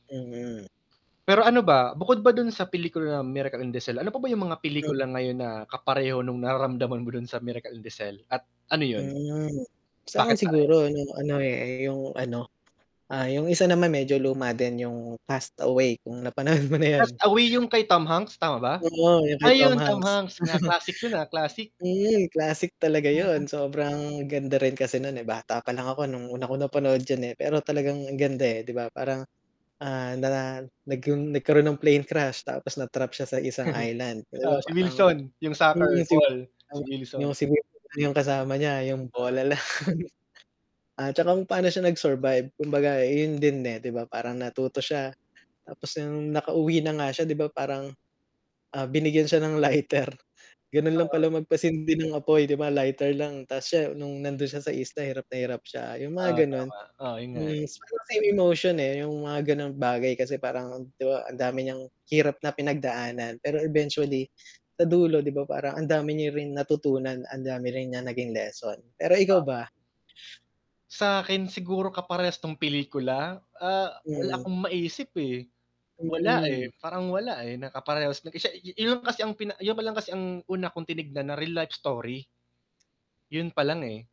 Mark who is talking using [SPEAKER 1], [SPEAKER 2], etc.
[SPEAKER 1] Mm.
[SPEAKER 2] Pero ano ba? Bukod ba dun sa pelikula na "Miracle in the Cell," ano pa ba yung mga
[SPEAKER 1] Hmm.
[SPEAKER 2] pelikula ngayon na kapareho nung nararamdaman mo dun sa "Miracle in the Cell" at ano yun?
[SPEAKER 1] Hmm. Sa 'kin
[SPEAKER 2] Bakit pare?
[SPEAKER 1] siguro nung ano eh, yung ano, ah, yung isa naman medyo luma din yung "Cast Away" kung napanood mo na yun.
[SPEAKER 2] Cast Away yung kay Tom Hanks, tama ba?
[SPEAKER 1] Oo yung kay Tom
[SPEAKER 2] Ayun Tom
[SPEAKER 1] Hanks.
[SPEAKER 2] Hanks na classic yun ah, classic.
[SPEAKER 1] Hmm, classic talaga
[SPEAKER 2] Hmm.
[SPEAKER 1] yun, sobrang ganda rin kasi nun eh, bata pa lang ako nung unang panood 'yan eh, pero talagang ganda eh, 'di ba? Parang ah, na nagk nagkaroon ng plane crash tapos na-trap siya sa isang island 'di
[SPEAKER 2] Ah,
[SPEAKER 1] ba
[SPEAKER 2] si
[SPEAKER 1] parang,
[SPEAKER 2] Wilson? Yung
[SPEAKER 1] yung
[SPEAKER 2] soccer ball, si
[SPEAKER 1] yung
[SPEAKER 2] Wilson.
[SPEAKER 1] sigu [unintelligible] yung kasama niya yung
[SPEAKER 2] Oo.
[SPEAKER 1] bola lang. At saka kung paano siya nag-survive kumbaga eh, yun din eh, 'di ba parang natuto siya. Tapos yung nakauwi na nga siya 'di ba parang, ah, binigyan siya ng lighter. Ganun lang pala
[SPEAKER 2] Oo.
[SPEAKER 1] magpasindi ng apoy, 'di ba, lighter lang, ta's siya nung nandun siya sa isla, hirap na hirap siya yung
[SPEAKER 2] Ah,
[SPEAKER 1] mga ganun.
[SPEAKER 2] tama, oo yun nga eh.
[SPEAKER 1] Hmm, siguro may emotion eh, yung mga ganong bagay kasi, parang, 'di ba, ang dami niyang hirap na pinagdaanan, pero eventually, sa dulo 'di ba, parang ang dami niya rin natutunan, ang dami rin niyang naging lesson. Pero ikaw ba?
[SPEAKER 2] [unintelligible] Sa 'kin siguro kaparehas 'tong pelikula? Ah, wala
[SPEAKER 1] Hmm.
[SPEAKER 2] akong maisip eh. Wala eh,
[SPEAKER 1] Hmm.
[SPEAKER 2] parang wala eh, na kaparehas na siya, yun kasi ang pina yun pa lang kasi ang una kong tinignan na real life story. Yun pa lang eh.